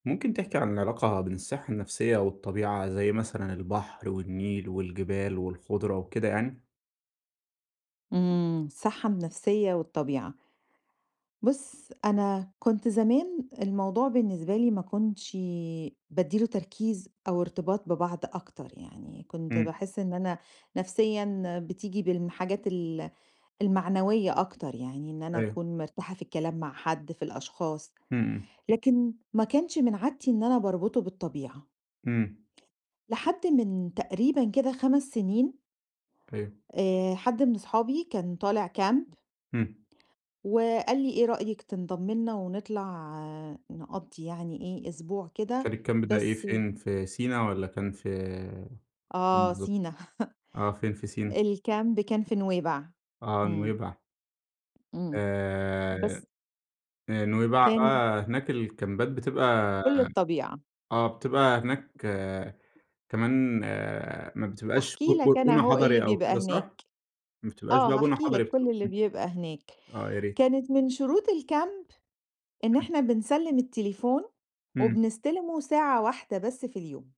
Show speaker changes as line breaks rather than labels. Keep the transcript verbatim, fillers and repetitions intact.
ممكن تحكي عن العلاقة بين الصحّة النفسية والطبيعة زي مثلًا، البحر والنيل والجبال والخُضرة وكده يعني؟
إمم، الصحّة النفسية والطبيعة. بُص أنا كنت زمان الموضوع بالنسبة لي ما كنتش ي بادّي له تركيز أو ارتباط ببعض أكتر يعني، كنت
إمم.
باحس إن أنا نفسيًا بتيجي بالم حاجات ال المعنوية أكتر يعني، إن أنا
أيوه.
أكون مِرتاحَة في الكلام مع حد في الأشخاص.
إمم، إمم.
لكن ما كانش من عادتي إن أنا باربطه بالطبيعة.
امم.
لحد من تقريبًا كده، خَمَس سنين
أيوه.
آآ حد من اصحابي، كان طالع camp
امم.
وقال لي "إيه رأيِك تنضَمي لينا ونطلع نقضّي يعني إيه أسبوع
كان
كده"
الcamp ده إيه
بس
فين في سينا والّا كان ف فين
آه،
بالضبط؟
سينا
آه فين في سينا؟
الcamp كان في نويبع.
آه
إمم.
نويبع.
إمم.
آآ
بس
هي نويبع
كان
آه هناك الكامبات بتبقى
كل الطبيعة.
آه بتبقى هناك كمان ما بتبقاش ب
هاحكي
ب
لَك أنا
بُنى
أهو إيه اللي
حضَري أو
بيبقى
كده
هناك.
صح؟ ما بتبقاش
آه،
بقى بُنى
هاحكي
حضَري
لَك
بتبقى
كل اللي
امم،
بيبقى هناك.
آه يا ريت.
كانت من شروط الcamp إن
[unintelligible]
إحنا، بنسلّم التليفون
إمم.
وبنستِلمُه ساعة واحدة بس في اليوم.